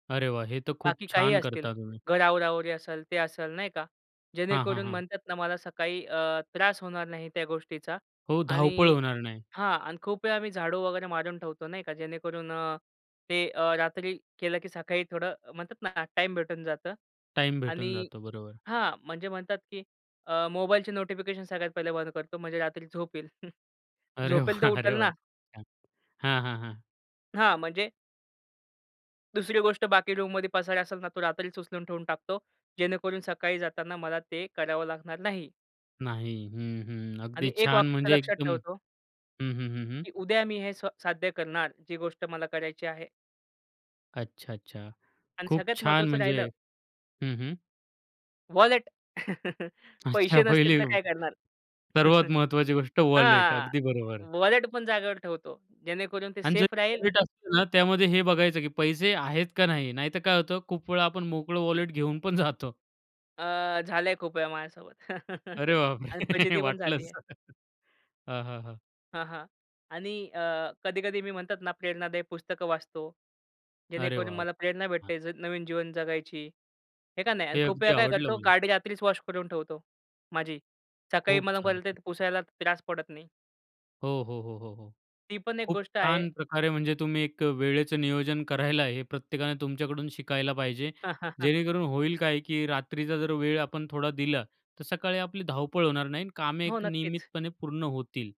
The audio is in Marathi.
अरे वाह! हे तर खूप बाकी काही छान असतील, करता तुम्ही. घर आवरावरी असेल, ते असेल नाही का. हां, हां, जेणेकरून हां. म्हणतात ना, मला सकाळी अ, त्रास होणार नाही त्या गोष्टीचा. हो, धावपळ आणि होणार नाही. हां, आणि खूप वेळा आम्ही झाडू वगैरे मारून ठेवतो नाही का. जेणेकरून अ, ते अ, रात्री केलं, की सकाळी थोडं म्हणतात ना टाईम भेटून जातं. टाईम भेटून आणि जातो, बरोबर. हां. म्हणजे म्हणतात की अ, मोबाईलची नोटिफिकेशन सगळ्यात पहिले बंद करतो, म्हणजे रात्री झोप येईल, अरे वाह! झोपेल तर अरे उठेल वाह! ना. [unintelligible] हां, हां, हां. हां, म्हणजे. दुसरी गोष्ट, बाकी रूममध्ये पसारा असेल ना, तो रात्रीच उचलून ठेवून टाकतो. जेणेकरून सकाळी जाताना मला ते करावं लागणार नाही. नाही हं, हं, आणि अगदी एक छान, वाक्य म्हणजे लक्षात एकदम ठेवतो. हं, हं, हं, हं. की उद्या मी हे स्व साध्य करणार, जी गोष्ट मला करायची आहे. अच्छा, अच्छा, आणि खूप सगळ्यात छान महत्वाचं म्हणजे राहिलं, हं, हं. वॉलेट. अच्छा, पैसे नसतील, पहिले तर काय करणार? सर्वात महत्वाची गोष्ट, वॉलेट हां, अगदी बरोबर आहे. वॉलेट पण जागेवर ठेवतो, जेणेकरून ते आणि जर सेफ राहील. वॉलेट असतो ना, त्यामध्ये हे बघायचं, की पैसे आहेत का नाही? नाहीतर काय होतं, खूप वेळा आपण मोकळं वॉलेट घेऊन पण जातो. अ, झालं आहे, खूप वेळा माझ्यासोबत. अरे बापरे! आणि फजिती पण झाली वाटलंच आहे. हां, हां, हां. हां, हां. आणि अ, कधी-कधी मी म्हणतात ना, प्रेरणादायी पुस्तकं वाचतो. अरे जेणेकरून वाह! मला प्रेरणा वाह! भेटते, [unintelligible] नवीन जीवन जगायची. हे का नाही? आणि हे खूप अगदी वेळा काय आवडलं करतो, मला. गाडी रात्रीच वॉश करून ठेवतो माझी, सकाळी खूप मला छान. परत पुसायला त्रास पडत नाही. हो, हो, हो, हो, हो ती पण एक खूप गोष्ट आहे. छान प्रकारे, म्हणजे तुम्ही एक वेळेचं नियोजन करायला आहे, हे प्रत्येकाने तुमच्याकडून शिकायला पाहिजे. जेणेकरून होईल काय, की रात्रीचा जर वेळ आपण थोडा दिला, तर सकाळी आपली धावपळ होणार नाही आणि कामे हो, एक नक्कीच. नियमितपणे पूर्ण होतील.